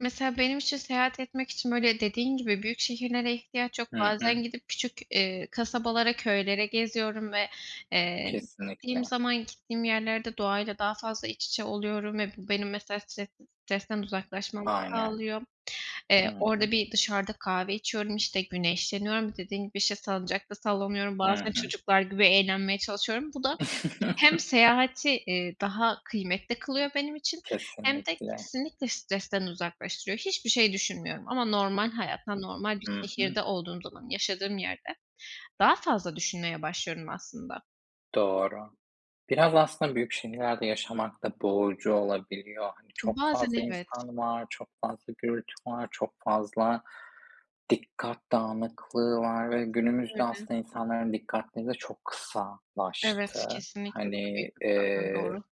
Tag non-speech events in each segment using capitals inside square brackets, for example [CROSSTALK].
Mesela benim için, seyahat etmek için böyle dediğin gibi büyük şehirlere ihtiyaç yok. Hı hı. Bazen gidip küçük, eee, kasabalara, köylere geziyorum ve, eee, gittiğim Kesinlikle. zaman gittiğim yerlerde doğayla daha fazla iç içe oluyorum ve bu benim mesela stres stresten uzaklaşmamı Aynen. sağlıyor. Hı Eee, hı. orada bir dışarıda kahve içiyorum, işte, güneşleniyorum. Dediğin gibi, işte, salıncakta sallanıyorum. Hı Bazen hı. çocuklar gibi eğlenmeye çalışıyorum. Bu da hem [CHUCKLES] seyahati, eee, daha kıymetli kılıyor benim için hem de Kesinlikle. kesinlikle stresten uzaklaştırıyor. Hiçbir şey düşünmüyorum. Ama normal hayatta, normal bir Hı hı. şehirde olduğum zaman, yaşadığım yerde daha fazla düşünmeye başlıyorum aslında. Doğru. Biraz aslında büyük şehirlerde yaşamak da boğucu olabiliyor. Hani çok Bazen, fazla evet. insan var, çok fazla gürültü var, çok fazla dikkat dağınıklığı var ve günümüzde Kesinlikle öyle. aslında insanların dikkatleri de çok Evet, kısalaştı. kesinlikle bu da büyük Hani, problem. eee, Doğru.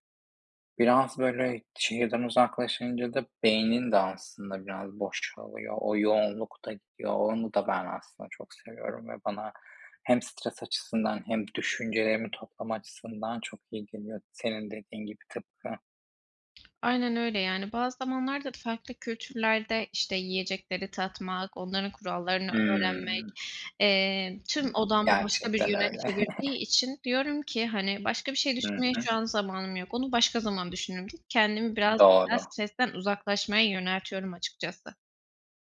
biraz böyle şehirden uzaklaşınca da beynin de aslında biraz boşalıyor. O yoğunluk da gidiyor. Onu da ben aslında çok seviyorum ve bana hem stres açısından hem düşüncelerimi toplama açısından çok iyi geliyor. Senin dediğin gibi tıpkı. Aynen öyle. Yani, bazı zamanlar da farklı kültürlerde, işte, yiyecekleri tatmak, onların kurallarını öğrenmek, Hımm. eee, tüm odağımı başka bir Gerçekten yöne öyle. çevirdiği için diyorum ki, "Hani, başka bir şey Hı düşünmeye hı. şu an zamanım yok. Onu başka zaman düşünürüm." Kendimi biraz daha Doğru. stresten uzaklaşmaya yöneltiyorum açıkçası.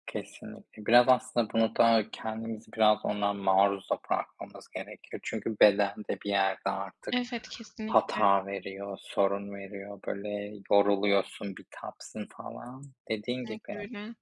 Kesinlikle. Biraz aslında bunu da kendimizi biraz ona maruz da bırakmamız gerekiyor. Çünkü beden de bir yerde artık Evet, kesinlikle. hata veriyor, sorun veriyor. Böyle yoruluyorsun, bitapsın falan. Dediğin Kesinlikle gibi. öyle.